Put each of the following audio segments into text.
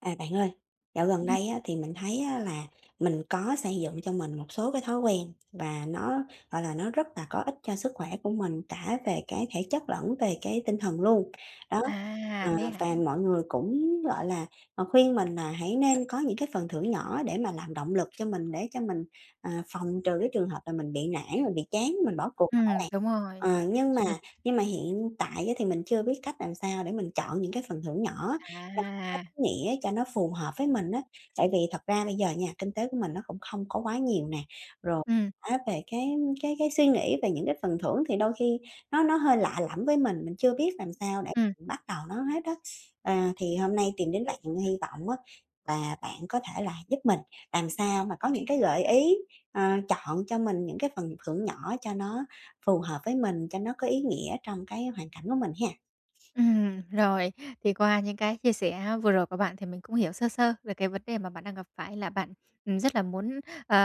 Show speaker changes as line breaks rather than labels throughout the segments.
À, bạn ơi, dạo gần
Ừm.
đây á thì mình thấy á là mình có xây dựng cho mình một số cái thói quen, và nó, gọi là, nó rất là có ích cho sức khỏe của mình, cả về cái thể chất lẫn về cái tinh thần luôn. Đó,
À,
ờ,
thế hả?
và mọi người cũng, gọi là, khuyên mình là hãy nên có những cái phần thưởng nhỏ để mà làm động lực cho mình, để cho mình, ờ, phòng trừ cái trường hợp là mình bị nản, mình bị chán, mình bỏ cuộc đồ á
Ừm,
bạn.
đúng rồi.
Ờ, nhưng mà
Ừm.
nhưng mà hiện tại á thì mình chưa biết cách làm sao để mình chọn những cái phần thưởng nhỏ cho nó có
À.
ý nghĩa, cho nó phù hợp với mình á. Tại vì thật ra bây giờ nha, kinh tế của mình nó cũng không có quá nhiều nè, rồi
Ừm.
á về cái cái cái suy nghĩ về những cái phần thưởng thì đôi khi nó nó hơi lạ lẫm với mình, mình chưa biết làm sao để
Ừm.
bắt đầu nó hết á. À, thì hôm nay tìm đến bạn hy vọng á và bạn có thể là giúp mình làm sao mà có những cái gợi ý, ờ, chọn cho mình những cái phần thưởng nhỏ cho nó phù hợp với mình, cho nó có ý nghĩa trong cái hoàn cảnh của mình ha.
Ừm, rồi, thì qua những cái chia sẻ vừa rồi của bạn thì mình cũng hiểu sơ sơ về cái vấn đề mà bạn đang gặp phải, là bạn rất là muốn, ờ,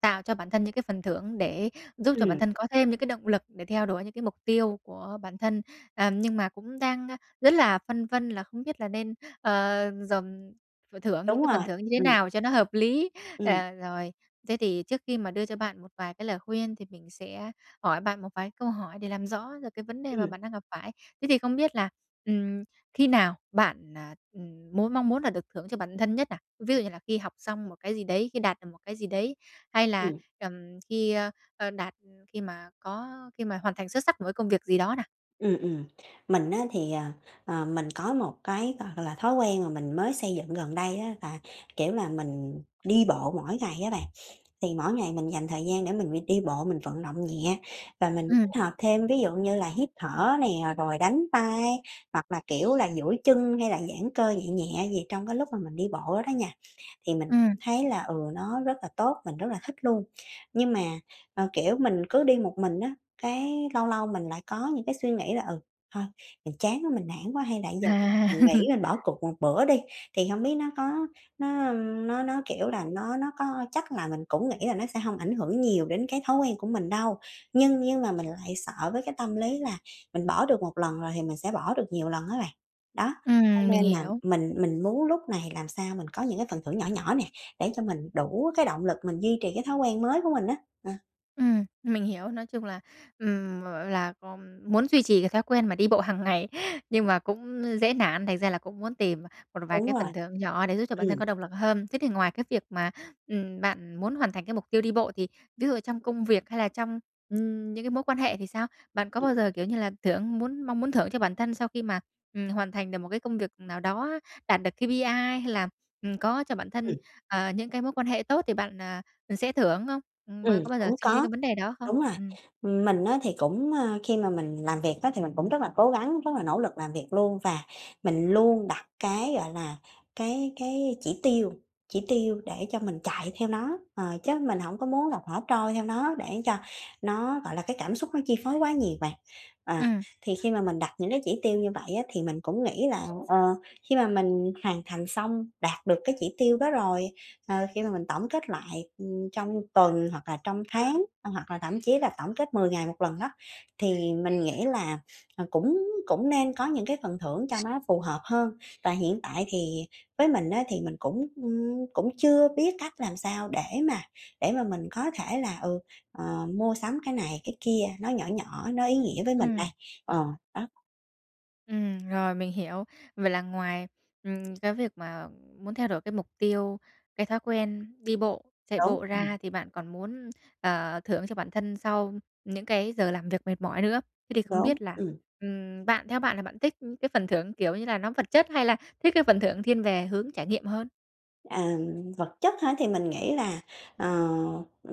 tạo cho bản thân những cái phần thưởng để giúp cho bản
Ừm.
thân có thêm những cái động lực để theo đuổi những cái mục tiêu của bản thân. Ờ, nhưng mà cũng đang rất là phân vân là không biết là nên, ờ, dòm phần thưởng những
Đúng
cái phần
rồi,
thưởng như thế
ừm.
nào cho nó hợp lý,
Ừm.
à, rồi. Thế thì trước khi mà đưa cho bạn một vài cái lời khuyên, thì mình sẽ hỏi bạn một vài cái câu hỏi để làm rõ được cái vấn đề mà
Ừm.
bạn đang gặp phải. Thế thì không biết là, ừm, khi nào bạn, à, ừm, muốn mong muốn là được thưởng cho bản thân nhất nào? Ví dụ như là khi học xong một cái gì đấy, khi đạt được một cái gì đấy, hay là,
Ừm.
ừm, khi, ơ, đạt khi mà có khi mà hoàn thành xuất sắc một cái công việc gì đó nào?
Ừm, ừm, mình á, thì, ờ, ờ, mình có một cái hoặc là thói quen mà mình mới xây dựng gần đây á, là, kiểu, là mình đi bộ mỗi ngày á bạn. Thì mỗi ngày mình dành thời gian để mình đi bộ, mình vận động nhẹ và mình
Ừm.
kết hợp thêm ví dụ như là hít thở nè, rồi đánh tay, hoặc là, kiểu, là duỗi chân hay là giãn cơ nhẹ nhẹ gì trong cái lúc mà mình đi bộ đó nha. Thì mình
Ừm.
thấy là, ừ, nó rất là tốt, mình rất là thích luôn. Nhưng mà, ờ, kiểu mình cứ đi một mình á, cái lâu lâu mình lại có những cái suy nghĩ là "Ừ, thôi mình chán quá mình nản quá hay là giờ
À.
nghĩ nên bỏ cuộc một bữa đi." Thì hông biết nó có nó, ưm, nó nó kiểu là nó nó có chắc là mình cũng nghĩ là nó sẽ hông ảnh hưởng nhiều đến cái thói quen của mình đâu, nhưng nhưng mà mình lại sợ với cái tâm lý là mình bỏ được 1 lần rồi thì mình sẽ bỏ được nhiều lần á bạn. Đó, cho
Ừm, mình
nên là
hiểu.
mình mình muốn lúc này làm sao mình có những cái phần thưởng nhỏ nhỏ nè, để cho mình đủ cái động lực mình duy trì cái thói quen mới của mình á. Ờ.
Ừm, mình hiểu. Nói chung là, ừm m là co muốn duy trì cái thói quen mà đi bộ hàng ngày nhưng mà cũng dễ nản, thành ra là cũng muốn tìm một vài
Đúng
cái
rồi.
phần thưởng nhỏ để giúp cho bản thân
Ừm.
có động lực hơn. Thế thì ngoài cái việc mà, ừm, bạn muốn hoàn thành cái mục tiêu đi bộ thì ví dụ trong công việc hay là trong, ừm, những cái mối quan hệ thì sao? Bạn có
Ừm.
bao giờ kiểu như là thưởng muốn mong muốn thưởng cho bản thân sau khi mà, ừm, hoàn thành được một cái công việc nào đó, đạt được KPI hay là, ừm, có cho bản thân,
Ừm.
ờ, những cái mối quan hệ tốt thì bạn, ờ, sẽ thưởng không? Ừm, m
Ừm,
có bao giờ
cũng
suy nghĩ đến
có.
cái vấn đề đó không?
Đúng rồi.
Ừm.
Mình á thì cũng, ơ, khi mà mình làm việc á, thì mình cũng rất là cố gắng, rất là nỗ lực làm việc luôn và mình luôn đặt cái, gọi là, cái cái chỉ tiêu chỉ tiêu để cho mình chạy theo nó, ờ, chứ mình hổng có muốn là thả trôi theo nó để cho nó gọi là cái cảm xúc nó chi phối quá nhiều bạn. Ờ,
Ừm.
thì khi mà mình đặt những cái chỉ tiêu như vậy á, thì mình cũng nghĩ là, ờ, khi mà mình hoàn thành xong đạt được cái chỉ tiêu đó rồi, ờ, khi mà mình tổng kết lại, ừm, trong tuần hoặc là trong tháng hoặc là thậm chí là tổng kết 10 ngày 1 lần á, thì mình nghĩ là, ờ, cũng cũng nên có những cái phần thưởng cho nó phù hợp hơn. Và hiện tại thì với mình á thì mình cũng, ừm, cũng chưa biết cách làm sao để mà để mà mình có thể là, ừ, ờ, mua sắm cái này cái kia, nó nhỏ nhỏ, nó ý nghĩa với mình
Ừm.
đây. Ờ, đó.
Ừm, rồi, mình hiểu. Vậy là ngoài, ừm, cái việc mà muốn theo đổi cái mục tiêu, cái thói quen đi bộ, chạy
Đúng,
bộ
ừm.
ra thì bạn còn muốn, ờ, thưởng cho bản thân sau những cái giờ làm việc mệt mỏi nữa. Thế thì không
Đúng,
biết là,
ừm.
ừm, bạn theo bạn là bạn thích cái phần thưởng kiểu như là nó vật chất hay là thích cái phần thưởng thiên về hướng trải nghiệm hơn?
Ừm, vật chất hả? Thì mình nghĩ là, ờ,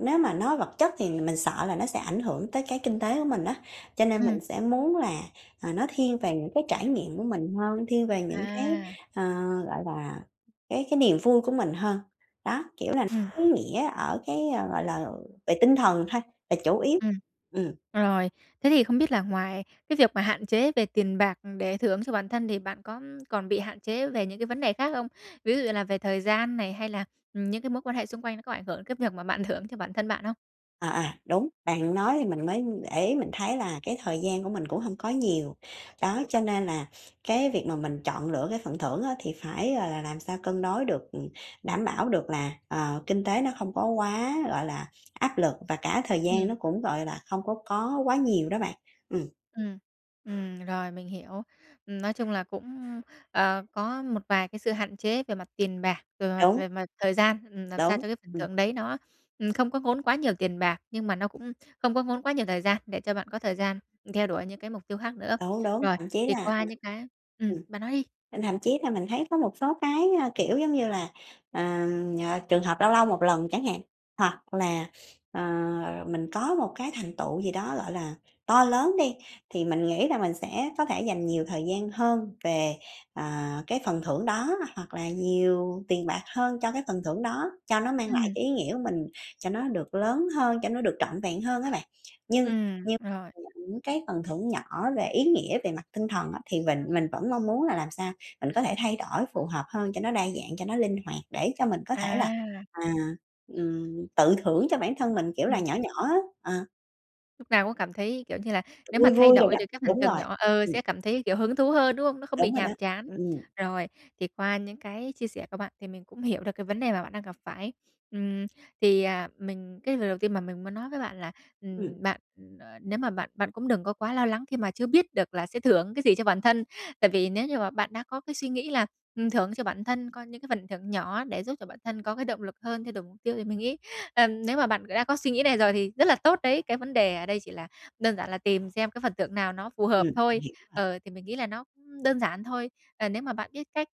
nếu mà nói vật chất thì mình sợ là nó sẽ ảnh hưởng tới cái kinh tế của mình á. Cho nên
Ừm.
mình sẽ muốn là, ờ, nó thiên về những cái trải nghiệm của mình hơn, thiên về những cái,
À.
ờ, gọi là, cái cái niềm vui của mình hơn. Đó, kiểu là
Ừm.
ý nghĩa ở cái, ờ, gọi là, ờ, về tinh thần thôi, là chủ yếu.
Ừm.
Ừm.
Rồi. Thế thì không biết là ngoài cái việc mà hạn chế về tiền bạc để thưởng cho bản thân thì bạn có còn bị hạn chế về những cái vấn đề khác không? Ví dụ như là về thời gian này, hay là, ừm, những cái mối quan hệ xung quanh nó có ảnh hưởng cái việc mà bạn thưởng cho bản thân bạn không?
À, à, đúng. Bạn nói thì mình mới để ý, mình thấy là cái thời gian của mình cũng hông có nhiều. Đó, cho nên là cái việc mà mình chọn lựa cái phần thưởng á thì phải, gọi là, làm sao cân đối được, ừm, đảm bảo được là, ờ, kinh tế nó không có quá, gọi là, áp lực và cả thời gian
Ừm.
nó cũng, gọi là, không có có quá nhiều đó bạn. Ừm.
Ừm, ừm, rồi mình hiểu. Ừm, nói chung là cũng, ờ, có một vài cái sự hạn chế về mặt tiền bạc, rồi, à,
Đúng.
về mặt thời gian, ừm, làm sao
Đúng,
cho cái phần
ừm.
thưởng đấy nó, ừm, không có ngốn quá nhiều tiền bạc, nhưng mà nó cũng không có ngốn quá nhiều thời gian để cho bạn có thời gian theo đuổi những cái mục tiêu khác nữa.
Đúng, đúng,
Rồi,
thậm chí
thì
là
qua
ừ,
những cái ừm,
ừm,
bạn nói đi!
ừm, thậm chí là mình thấy có một số cái, ơ, kiểu giống như là, ờ, nh trường hợp lâu lâu một lần chẳng hạn, hoặc là, ờ, mình có một cái thành tựu gì đó, gọi là, to lớn đi. Thì mình nghĩ là mình sẽ có thể dành nhiều thời gian hơn về, ờ, cái phần thưởng đó, hoặc là nhiều tiền bạc hơn cho cái phần thưởng đó, cho nó mang lại
Ừm.
cái ý nghĩa của mình cho nó được lớn hơn, cho nó được trọn vẹn hơn á bạn. Nhưng
Ừm,
như
rồi.
[unintelligible] những cái phần thưởng nhỏ về ý nghĩa về mặt tinh thần á, thì mình mình vẫn mong muốn là làm sao mình có thể thay đổi phù hợp hơn cho nó đa dạng, cho nó linh hoạt để cho mình có thể là,
À!
à, ừm, tự thưởng cho bản thân mình kiểu là
Ừm.
nhỏ nhỏ á, ờ.
Lúc nào cũng cảm thấy, kiểu, như là nếu mà
Vui
thay
vui đồ
đổi
đó,
được cái hành
đúng
trình
rồi,
nhỏ ờ,
ừm.
sẽ cảm thấy kiểu hứng thú hơn, đúng hông? Nó không bị
Đúng rồi đó,
nhàm chán.
ừm.
Rồi, thì qua những cái chia sẻ của bạn thì mình cũng hiểu được cái vấn đề mà bạn đang gặp phải. Ừm, thì, à, mình cái lời đầu tiên mà mình muốn nói với bạn là,
Ừm.
ừm, bạn nếu mà bạn bạn cũng đừng có quá lo lắng khi mà chưa biết được là sẽ thưởng cái gì cho bản thân. Tại vì nếu như mà bạn đã có cái suy nghĩ là, ừm, thưởng cho bản thân có những cái phần thưởng nhỏ để giúp cho bản thân có cái động lực hơn, thay đổi mục tiêu thì mình nghĩ, ờm, nếu mà bạn đã có suy nghĩ này rồi thì rất là tốt đấy, cái vấn đề ở đây chỉ là đơn giản là tìm xem cái phần thưởng nào nó phù hợp
Ừm,
thôi.
hiểu rồi.
Ờ, thì mình nghĩ là nó đơn giản thôi. Ờ, nếu mà bạn biết cách,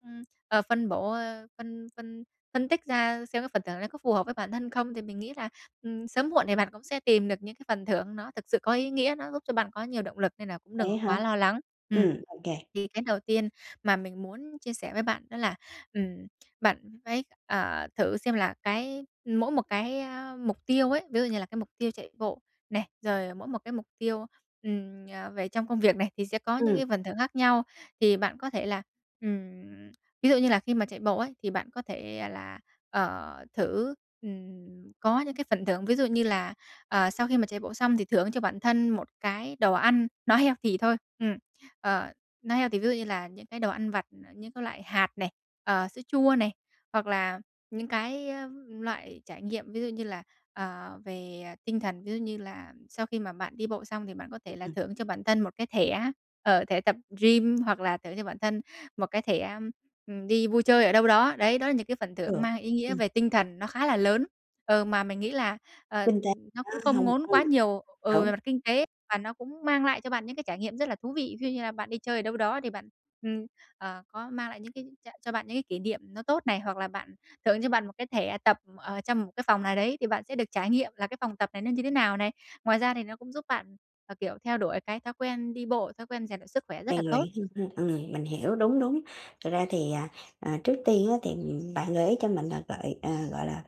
ờ, phân bổ, ơ, phân phân phân tích ra xem cái phần thưởng nó có phù hợp với bản thân không thì mình nghĩ là, ừm, sớm muộn thì bạn cũng sẽ tìm được những cái phần thưởng nó thực sự có ý nghĩa. Nó giúp cho bạn có nhiều động lực nên là cũng đừng
Vậy á
có
hả?
quá lo lắng. Ừm.
Ừm, ô kê.
Thì cái đầu tiên mà mình muốn chia sẻ với bạn đó là, ừm, bạn phải, ờ, thử xem là cái mỗi một cái, a, mục tiêu ấy, ví dụ như là cái mục tiêu chạy bộ này, rồi mỗi một cái mục tiêu, ừm, à, về trong công việc này thì sẽ có những
Ừm.
cái phần thưởng khác nhau. Thì bạn có thể là, ừm, ví dụ như là khi mà chạy bộ ấy, thì bạn có thể là, ờ, thử, ừm, có những cái phần thưởng. Ví dụ như là, ờ, sau khi mà chạy bộ xong thì thưởng cho bản thân một cái đồ ăn nó healthy thôi. Ừm, ờ, nó healthy ví dụ như là những cái đồ ăn vặt, những cái loại hạt này, ờ, sữa chua này, hoặc là những cái loại trải nghiệm ví dụ như là, ờ, về tinh thần, ví dụ như là sau khi mà bạn đi bộ xong thì bạn có
Ừ,
thể là
ừm.
thưởng cho bản thân một cái thẻ, ờ, thẻ tập gym, hoặc là thưởng cho bản thân một cái thẻ, ừm, đi vui chơi ở đâu đó. Đấy, đó là những cái phần thưởng
Được.
mang ý nghĩa
Ừm.
về tinh thần nó khá là lớn. Ừ, mà mình nghĩ là, ờ,
Kinh tế
nó
nó
cũng không
hông,
ngốn
ừm,
quá nhiều, ừ, về
đúng.
mặt kinh tế, và nó cũng mang lại cho bạn những cái trải nghiệm rất là thú vị. Ví dụ như là bạn đi chơi ở đâu đó thì bạn, ừm, ờ, có mang lại những cái ch cho bạn những cái kỷ niệm nó tốt này. Hoặc là bạn thưởng cho bạn một cái thẻ tập ở trong một cái phòng nào đấy thì bạn sẽ được trải nghiệm là cái phòng tập này nó như thế nào này. Ngoài ra thì nó cũng giúp bạn, ờ, kiểu theo đuổi cái thói quen đi bộ, thói quen rèn luyện sức khỏe rất
Rèn
là
luyện
tốt.
thêm ha, ừm, mình hiểu, đúng, đúng. Thực ra thì, à, à, trước tiên á, thì bạn gợi ý cho mình á gọi, à, gọi là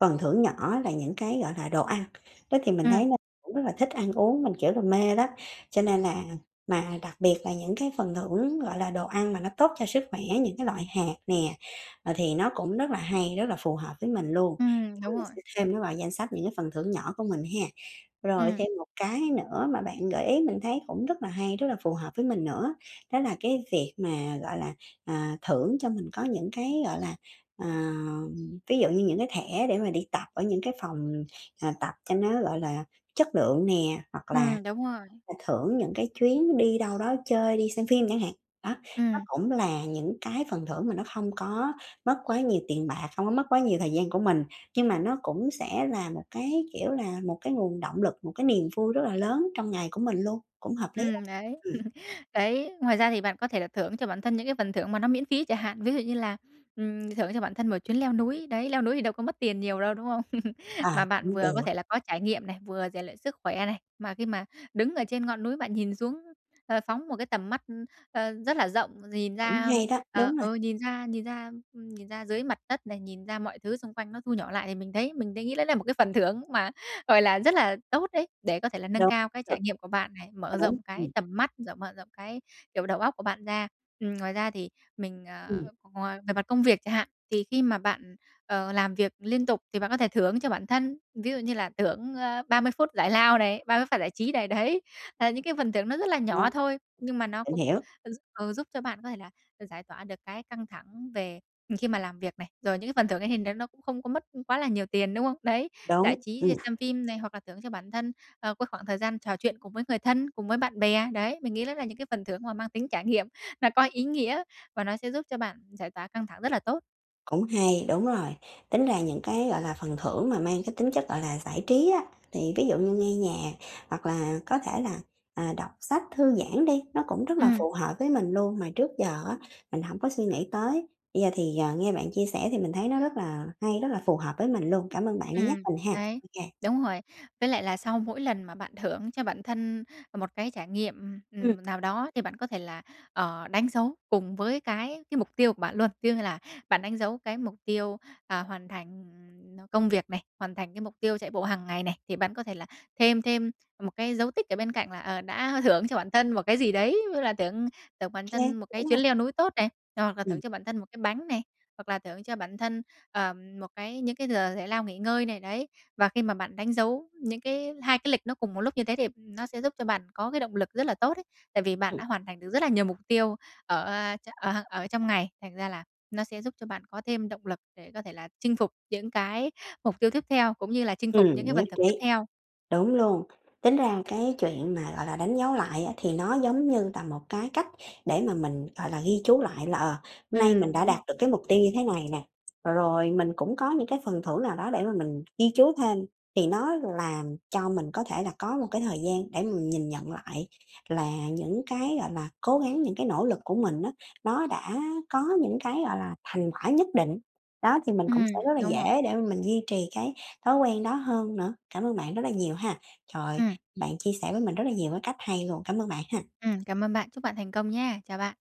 phần thưởng nhỏ là những cái gọi là đồ ăn, đó thì mình
Ừm.
thấy nó cũng rất là thích ăn uống, mình kiểu là mê đó, cho nên là mà đặc biệt là những cái phần thưởng gọi là đồ ăn mà nó tốt cho sức khỏe, những cái loại hạt nè, ờ, thì nó cũng rất là hay, rất là phù hợp với mình luôn.
Ừm, đúng
Mình
rồi.
sẽ thêm nó vào danh sách những cái phần thưởng nhỏ của mình ha. Rồi
Ừm.
thêm một cái nữa mà bạn gợi ý mình thấy cũng rất là hay, rất là phù hợp với mình nữa, đó là cái việc mà gọi là, à, thưởng cho mình có những cái gọi là, ờ, ví dụ như những cái thẻ để mà đi tập ở những cái phòng, ờ, tập cho nó gọi là chất lượng nè, hoặc là
Ừm, đúng rồi.
thưởng những cái chuyến đi đâu đó chơi, đi xem phim chẳng hạn. Đó, nó
Ừm.
cũng là những cái phần thưởng mà nó không có mất quá nhiều tiền bạc, không có mất quá nhiều thời gian của mình nhưng mà nó cũng sẽ là một cái, kiểu là một cái nguồn động lực, một cái niềm vui rất là lớn trong ngày của mình luôn, cũng hợp lý đó.
Ừm, đấy,
Ừm.
đấy. Ngoài ra thì bạn có thể là thưởng cho bản thân những cái phần thưởng mà nó miễn phí chả hạn. Ví dụ như là, ừm, thưởng cho bản thân một chuyến leo núi. Đấy, leo núi thì đâu có mất tiền nhiều đâu, đúng hông? Mà
À,
bạn
cũng
vừa có thể
được.
là có trải nghiệm này, vừa rèn luyện sức khỏe này. Mà khi mà đứng ở trên ngọn núi bạn nhìn xuống, ờ, phóng một cái tầm mắt, ơ, rất là rộng, nhìn
Cũng
ra,
hay đó,
ờ,
đúng rồi.
ừ, nhìn ra nhìn ra, ừm, nhìn ra dưới mặt đất này, nhìn ra mọi thứ xung quanh nó thu nhỏ lại thì mình thấy mình đấy nghĩ đấy là một cái phần thưởng mà gọi là rất là tốt đấy để có thể là nâng
Đúng,
cao cái
được.
trải nghiệm của bạn này,
Ờ,
mở
đúng,
rộng
ừm.
cái tầm mắt, rồi mở rộng cái kiểu đầu óc của bạn ra. Ừm, ngoài ra thì mình, ờ,
Ừm.
ngoài về mặt công việc chả hạn, thì khi mà bạn, ờ, làm việc liên tục thì bạn có thể thưởng cho bản thân, ví dụ như là thưởng, ơ, 30 phút giải lao này, 30 phút giải trí này, đấy. À, những cái phần thưởng nó rất là nhỏ
[unintelligible]
thôi nhưng mà nó
Mình
cũng
hiểu.
gi ừ, giúp cho bạn có thể là được giải tỏa được cái căng thẳng về khi mà làm việc này. Rồi những cái phần thưởng ấy thì đấy nó cũng không có mất quá là nhiều tiền, đúng không? Đấy, giải
Đúng,
trí
ừm.
xem phim này hoặc là thưởng cho bản thân, ờ, cái khoảng thời gian trò chuyện cùng với người thân, cùng với bạn bè, đấy. Mình nghĩ đó là những cái phần thưởng mà mang tính trải nghiệm nó có ý nghĩa và nó sẽ giúp cho bạn giải tỏa căng thẳng rất là tốt.
Cũng hay, đúng rồi. Tính ra những cái gọi là phần thưởng mà mang cái tính chất gọi là giải trí á thì ví dụ như nghe nhạc, hoặc là có thể là, à, đọc sách thư giãn đi, nó cũng rất là
Ừm.
phù hợp với mình luôn, mà trước giờ á mình hổng có suy nghĩ tới. Bây giờ thì, ờ, nghe bạn chia sẻ thì mình thấy nó rất là hay, rất là phù hợp với mình luôn. Cảm ơn bạn đã nhắc
Ừm,
mình ha.
đấy.
Ô kê.
Đúng rồi. Với lại là sau mỗi lần mà bạn thưởng cho bản thân một cái trải nghiệm,
Ừm.
ừm, nào đó thì bạn có thể là, ờ, đánh dấu cùng với cái cái mục tiêu của bạn luôn. Ví dụ như là bạn đánh dấu cái mục tiêu, ờ, hoàn thành công việc này, hoàn thành cái mục tiêu chạy bộ hàng ngày này thì bạn có thể là thêm thêm một cái dấu tích ở bên cạnh là, ờ, đã thưởng cho bản thân một cái gì đấy, ví dụ là thưởng thưởng bản
Kê,
thân một cái cái
đúng
chuyến
rồi.
leo núi tốt này, hoặc là thưởng
Ừm.
cho bản thân một cái bánh này, hoặc là thưởng cho bản thân, ờ, một cái những cái giờ giải lao nghỉ ngơi này, đấy. Và khi mà bạn đánh dấu những cái 2 cái lịch nó cùng một lúc như thế thì nó sẽ giúp cho bạn có cái động lực rất là tốt đấy. Tại vì bạn
Ừm.
đã hoàn thành được rất là nhiều mục tiêu ở, a, ở ở trong ngày, thành ra là nó sẽ giúp cho bạn có thêm động lực để có thể là chinh phục những cái mục tiêu tiếp theo, cũng như là chinh phục những cái
Ừm,
phần
nhất
thưởng tiếp
trí.
theo.
Đúng luôn. Tính ra cái chuyện mà gọi là đánh dấu lại á thì nó giống như là một cái cách để mà mình gọi là ghi chú lại là, ờ, hôm nay mình
Ừm,
đã
đúng
đạt
rồi.
được cái mục tiêu như thế này nè, ờ, rồi mình cũng có những cái phần thưởng nào đó để mà mình ghi chú thêm thì nó làm cho mình có thể là có một cái thời gian để mình nhìn nhận lại là những cái gọi là cố gắng, những cái nỗ lực của mình á, nó đã có những cái gọi là thành quả nhất định. Đó thì mình cũng
Ừm,
sẽ rất là
đúng rồi.
dễ để mà mình duy trì cái thói quen đó hơn nữa. Cảm ơn bạn rất là nhiều ha. Trời,
Ừm.
bạn chia sẻ với mình rất là nhiều cái cách hay luôn. Cảm ơn bạn ha.
Ừm, cảm ơn bạn. Chúc bạn thành công nhé. Chào bạn.